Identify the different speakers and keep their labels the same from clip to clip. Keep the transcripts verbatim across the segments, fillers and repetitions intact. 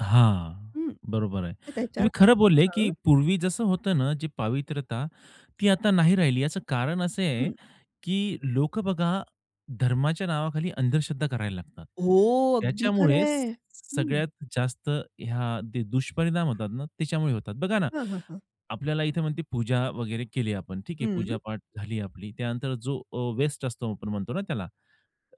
Speaker 1: हां,
Speaker 2: हं,
Speaker 1: बरोबर आहे.
Speaker 2: तर त्याच्यावर
Speaker 1: तुम्ही खरं बोलले
Speaker 2: काय
Speaker 1: की
Speaker 2: हं.
Speaker 1: पूर्वी जसं होतं ना, जी पावित्रता, ती आता नाही राहिली याचं कारण असे आहे
Speaker 2: हं.
Speaker 1: की लोकं बघा धर्माच्या नावाखाली अंधश्रद्धा करायला लागतात.
Speaker 2: हो, अगदी
Speaker 1: त्याच्यामुळे स
Speaker 2: खरंय. हं.
Speaker 1: सगळ्यात जास्त ह्या दे दुष्परिणाम होतात ना त्याच्यामुळे होतात. बघा ना
Speaker 2: हं, हं, हं.
Speaker 1: आपल्याला इथे म्हण ते पूजा वगैरे केली आपण, ठीक आहे, पूजा
Speaker 2: हं.
Speaker 1: पाठ झाली आपली, त्यानंतर जो अ, वेस्ट असतो आपण म्हणतो ना त्याला,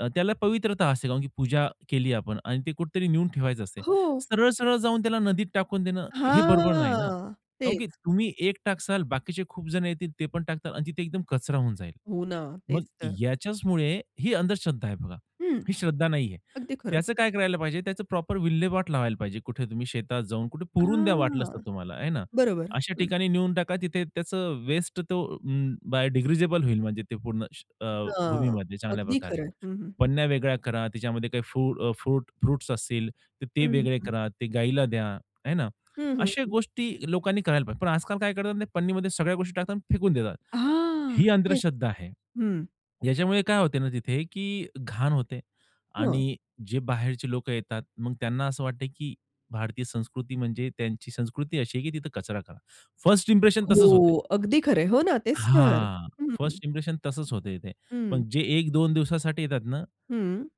Speaker 1: अ, त्याला पवित्रता असते कारण की पूजा केली आपण आणि ते कुठेतरी नेऊन ठेवायचं असते.
Speaker 2: हो.
Speaker 1: सरळ-सरळ जाऊन त्याला नदीत टाकून देणं, हे बरोबर नाही ना
Speaker 2: हां,
Speaker 1: कारण की
Speaker 2: तेच.
Speaker 1: तुम्ही एक टाकसाल बाकीचे खूप जण येतील ते पण टाकतील आणि तिथे एकदम कचरा होऊन जाईल.
Speaker 2: हो ना,
Speaker 1: मग
Speaker 2: तेच तर.
Speaker 1: याच्याचमुळे ही अंधश्रद्धा आहे बघा.
Speaker 2: हं.
Speaker 1: ही श्रद्धा नाहीये.
Speaker 2: अगदी खरं.
Speaker 1: त्याचं काय करायला पाहिजे त्याचं प्रॉपर विल्हेवाट लावायला पाहिजे कुठे तुम्ही शेतात जाऊन कुठे पुरून द्या वाटलंच तर
Speaker 2: हां,
Speaker 1: तुम्हाला, आहे ना?
Speaker 2: बरोबर.
Speaker 1: अशा
Speaker 2: हं.
Speaker 1: ठिकाणी नेऊन टाका तिथे त्याचं वेस्ट तो अं, बायडिग्रीजबल होईल म्हणजे ते पूर्ण श अ,
Speaker 2: हं,
Speaker 1: भूमीमध्ये
Speaker 2: अगदी
Speaker 1: चांगल्याप्रकारे.
Speaker 2: खरंय. हं, हं, हं.
Speaker 1: पन्या वेगळ्या करा त्याच्यामध्ये काही फु अ, फ्रुट फ्रुट्स असतील, तर
Speaker 2: हं,
Speaker 1: ते
Speaker 2: हं,
Speaker 1: वेगळे
Speaker 2: हं.
Speaker 1: करा, ते गाईला द्या, आहे ना?
Speaker 2: हं, हं,
Speaker 1: अशा
Speaker 2: हं.
Speaker 1: गोष्टी लोकांनी करायला पाहिजे. पण आजकाल काय करतात ना पन्नीमध्ये सगळ्या गोष्टी टाकतात अन् फेकून देतात. ही
Speaker 2: हां, तेच.
Speaker 1: अंध्रश्रद्धा आहे.
Speaker 2: हं.
Speaker 1: याच्यामुळे काय होते ना तिथे की घाण होते
Speaker 2: हं.
Speaker 1: आणि जे बाहेरचे लोकं येतात, मग त्यांना असं वाटते की भारतीय संस्कृती म्हणजे त्यांची संस्कृती अशी आहे की तिथे कचरा करा. फर्स्ट इंप्रेशन तसंच होते आहे.
Speaker 2: हो, अगदी खरंय. हो ना, तेच तर.
Speaker 1: हां,
Speaker 2: हं.
Speaker 1: फर्स्ट इंप्रेशन तसंच होतं इथे.
Speaker 2: हं.
Speaker 1: पण जे एक दोन दिवसासाठी येतात ना
Speaker 2: हं.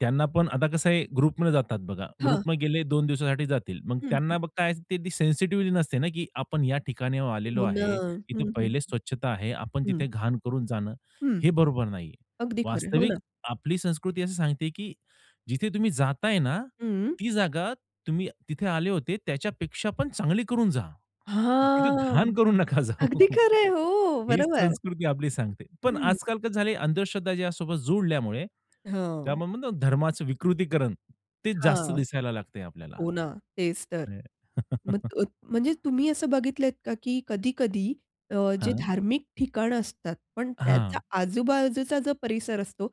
Speaker 1: त्यांना पण आता कसं आहे ग्रुपमध्ये जातात बघा,
Speaker 2: हं.
Speaker 1: ग्रुपमध्ये गेले दोन दिवसासाठी जातील, मग
Speaker 2: हं, हं.
Speaker 1: त्यांना ब काय ते ती सेन्सिटिव्हिटी नसते ना, की आपण या ठिकाणी ओ आलेलो
Speaker 2: हो ना.
Speaker 1: आहे. इथे
Speaker 2: हं, हं,
Speaker 1: पहिलेच स्वच्छता आहे. आपण
Speaker 2: हं. हं.
Speaker 1: तिथे घाण करून जाणं
Speaker 2: हं.
Speaker 1: हे बरोबर नाहीये.
Speaker 2: अगदी खरंय. हो ना.
Speaker 1: वास्तविक आपली संस्कृती असं सांगते की जिथे तुम्ही जाताय ना,
Speaker 2: हं.
Speaker 1: ती जागा तुम्ही तिथे आले होते त्याच्यापेक्षा पण चांगली करून जा. तिथे
Speaker 2: हां,
Speaker 1: घाण करून नका जाऊ.
Speaker 2: अगदी खरं आहे. हो.
Speaker 1: हीच
Speaker 2: बरोबर.
Speaker 1: संस्कृती आपली सांगते. पण
Speaker 2: हं.
Speaker 1: आजकाल कसं झालंय, अंधश्रद्धा त्याच्यासोबत जोडल्यामुळे ते
Speaker 2: हो.
Speaker 1: आपण म्हणतो ना धर्माचं विकृतीकरण ते जास्त
Speaker 2: हां.
Speaker 1: दिसायला लागतंय आपल्याला.
Speaker 2: हो ना, तेच तर.
Speaker 1: नाही.
Speaker 2: मत अत म्हणजे तुम्ही असं बघितलं आहेत का की कधी-कधी अ, जे
Speaker 1: हां.
Speaker 2: धार्मिक ठिकाण असतात पण त्याचा
Speaker 1: हां.
Speaker 2: आजूबाजूचा जो परिसर असतो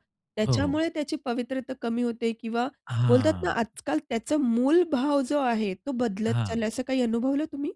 Speaker 1: हो, हो.
Speaker 2: त्याच्यामुळे त्याची पवित्रता कमी होते किंवा बोलतात ना
Speaker 1: हां.
Speaker 2: आजकाल त्याचा मूलभाव जो आहे तो बदलत
Speaker 1: हां.
Speaker 2: चाललाय असं काही अनुभवलं तुम्ही?